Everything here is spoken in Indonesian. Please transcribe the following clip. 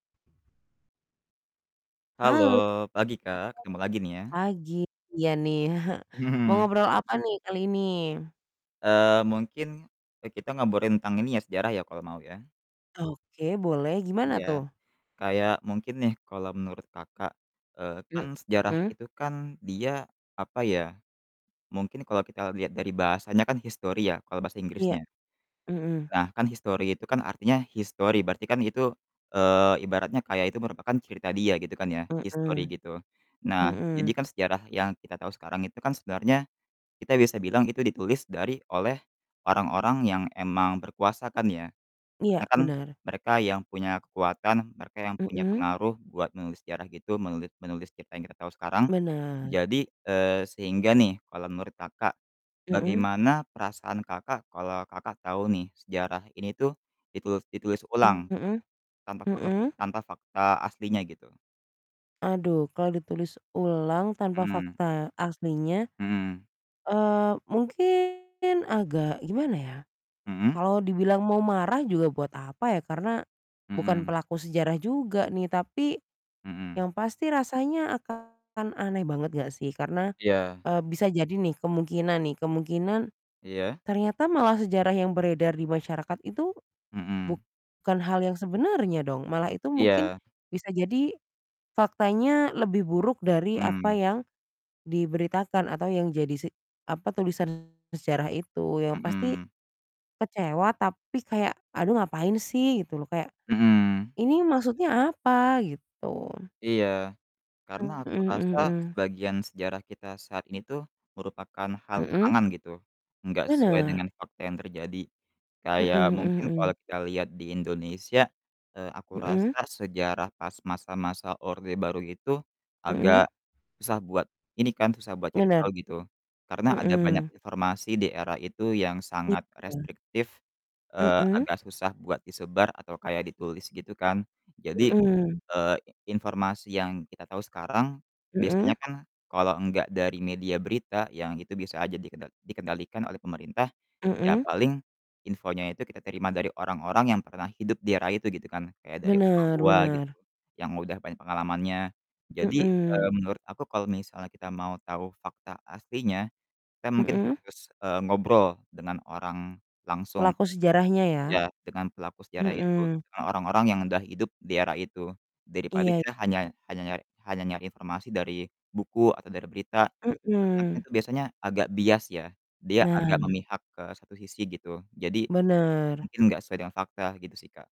Halo, Halo, selamat pagi Kak, ketemu lagi nih ya. pagi. Iya nih. Mau ngobrol apa nih kali ini? Eee, mungkin e nih kita ngobrolin tentang ini ya sejarah ya, kalau mau ya. Oke boleh, gimana Iya, tuh? kayak mungkin nih kalau menurut Kakak, eee, kan sejarah Mhm. itu kan dia apa ya, mungkin kalau kita lihat dari bahasanya kan history ya kalau bahasa Iya. Inggrisnya. Mhm. Nah, kan history itu kan artinya his story berarti kan itu, eee, ibaratnya kayak itu merupakan cerita dia gitu kan ya his story Mhm. gitu. Nah, jadi Hmm. kan sejarah yang kita tahu sekarang itu kan sebenarnya kita bisa bilang itu ditulis dari oleh orang-orang yang emang berkuasa kan ya. Karena Iya, kan benar. mereka yang punya kekuatan, mereka yang punya Mhm. pengaruh buat menulis sejarah gitu, menulit menulis cerita yang kita tahu sekarang. Benar. Jadi, eee, sehingga nih kalau menurut Kakak, Mhm. bagaimana perasaan Kakak kalau Kakak tahu nih sejarah ini tuh ditulus ditulis ulang Mhm. tanpa perlu Mhm. tanpa fakta aslinya gitu. Aduh kalau ditulis ulang tanpa Mmm. fakta aslinya, Mmm. eee, mungkin agak gimana ya, Mhm. kalau dibilang mau marah juga buat apa ya, karena bukan Mhm. pelaku sejarah juga nih. Tapi Mhm. yang pasti rasanya akan aneh banget nggak sih karena, Iya. eee, bisa jadi nih kemungkinan nih, kemungkinan Iya. ternyata malah sejarah yang beredar di masyarakat itu Mhm. bukan hal yang sebenarnya dong, malah itu mungkin Iya. bisa jadi faktanya lebih buruk dari apa Mmm. yang diberitakan atau yang jadi si apa, tulisan sejarah itu, yang pasti Mhm. kecewa, tapi kayak, "Aduh ngapain sih?" gitu loh kayak, Mhm. "Ini maksudnya apa?" gitu. Iya, karena Mhm aku mhm rasa mhm. sebagian sejarah kita saat ini tuh merupakan hal Mhm. karangan gitu, enggak sesuai Bener. dengan fakta yang terjadi. Mhm Kayak mhm mungkin kalau mhm. kita lihat di Indonesia, eee, aku Mhm. rasa sejarah pas masa-masa Orde Baru itu Hmm. agak susah buat ini kan, susah buat cari Benar. tahu gitu. Karena ada banyak Mhm. informasi di era itu yang sangat Iya. restriktif, eee, Mhm. agak susah buat disebar atau kayak ditulis gitu kan. Jadi, Mhm. eee, informasi yang kita tahu sekarang biasanya Mhm. kan kalau enggak dari media berita yang itu bisa aja dikedot dikendalikan oleh pemerintah, ya Mhm. paling infonya itu kita terima dari orang-orang yang pernah hidup di era itu gitu kan. Kayak dari orang Bener tua gitu bener. yang udah banyak pengalamannya. Jadi, Mhm. eee, menurut aku kalau misalnya kita mau tahu fakta aslinya, kita mungkin Mhm. harus, eee, ngobrol dengan orang langsung. Pelaku sejarahnya ya? Ya dengan pelaku sejarah itu, Mhm. dengan orang-orang yang udah hidup di era itu, daripada Iya, kita i hanya hanya nyari hanya nyari informasi dari buku atau dari berita. Karena kan Mhm. itu biasanya agak bias ya, dia agak Nah. memihak ke satu sisi gitu. Jadi Benar. mungkin nggak sesuai dengan fakta, gitu sih, Kak.